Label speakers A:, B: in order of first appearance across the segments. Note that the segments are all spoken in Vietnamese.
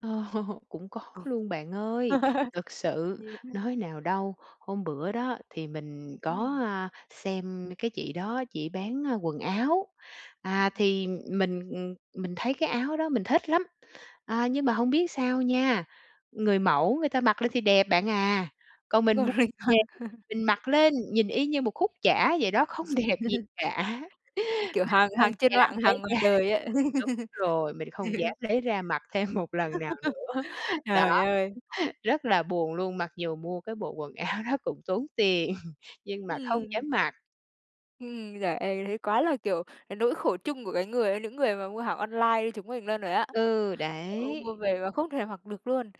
A: Cũng có
B: Ồ.
A: luôn bạn ơi. Thực sự,
B: Nhiều ha.
A: nói nào đâu, hôm bữa đó thì mình có,
B: Ừm.
A: à, xem cái chị đó, chỉ bán, a, quần áo. À,
B: Ừm.
A: thì mình, ừm, mình thấy cái áo đó mình thích lắm. À, nhưng mà hông biết sao nha, người mẫu người ta mặc lên thì đẹp bạn à, còn mình mu
B: Còn mình
A: về
B: mặc
A: mình mặc lên nhìn y như một khúc chả vậy đó, không đẹp gì cả!
B: Kiểu, hàng hàng
A: Mình không
B: trên
A: dám
B: mạng,
A: lấy
B: hàng ngoài
A: ra
B: đời á.
A: đúng rồi, mình không dám lấy ra mặc thêm một lần nào nữa. Đó,
B: Trời ơi!
A: rất là buồn luôn, mặc dù mua cái bộ quần áo đó cũng tốn tiền, nhưng mà không
B: Ừm.
A: dám mặc.
B: Ừm. Giời ơi! Thấy quá là, kiểu, cái nỗi khổ chung của cái người những người mà mua hàng online như chúng mình luôn rồi á.
A: Ừ,
B: Ôi, mua
A: đấy!
B: về mà không thể mặc được luôn.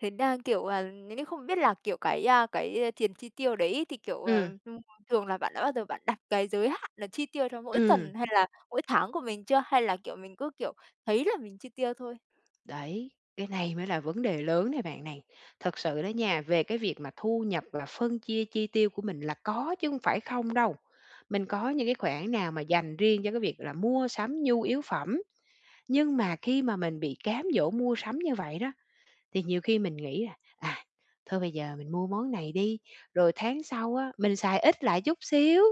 B: Thế đang, kiểu, à, những cái không biết là, kiểu, cái, à, cái tiền chi tiêu đấy thì, kiểu, ờ,
A: Ừm.
B: ừm, thường là bạn đã bao giờ bạn đặt cái giới hạn là chi tiêu cho mỗi
A: Ừm.
B: tuần hay là mỗi tháng của mình chưa, hay là, kiểu, mình cứ, kiểu, thấy là mình chi tiêu thôi?
A: Đấy, cái này mới là vấn đề lớn này bạn này. Thật sự đó nha, về cái việc mà thu nhập, là phân chia chi tiêu của mình là có chứ hông phải không đâu. Mình có những cái khoản nào mà dành riêng cho cái việc là mua sắm nhu yếu phẩm. Nhưng mà khi mà mình bị cám dỗ mua sắm như vậy đó, thì nhiều khi mình nghĩ là, à, thôi bây giờ mình mua món này đi, rồi tháng sau á, mình xài ít lại chút xíu,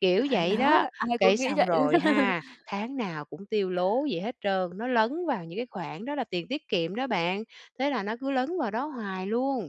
A: kiểu
B: À,
A: vậy
B: đó.
A: đó.
B: Ai cũng
A: Cái
B: nghĩ
A: xong
B: vậy luôn.
A: rồi ha, tháng nào cũng tiêu lố vậy hết trơn, nó lấn vào những cái khoản đó là tiền tiết kiệm đó bạn. Thế là nó cứ lấn vào đó hoài luôn.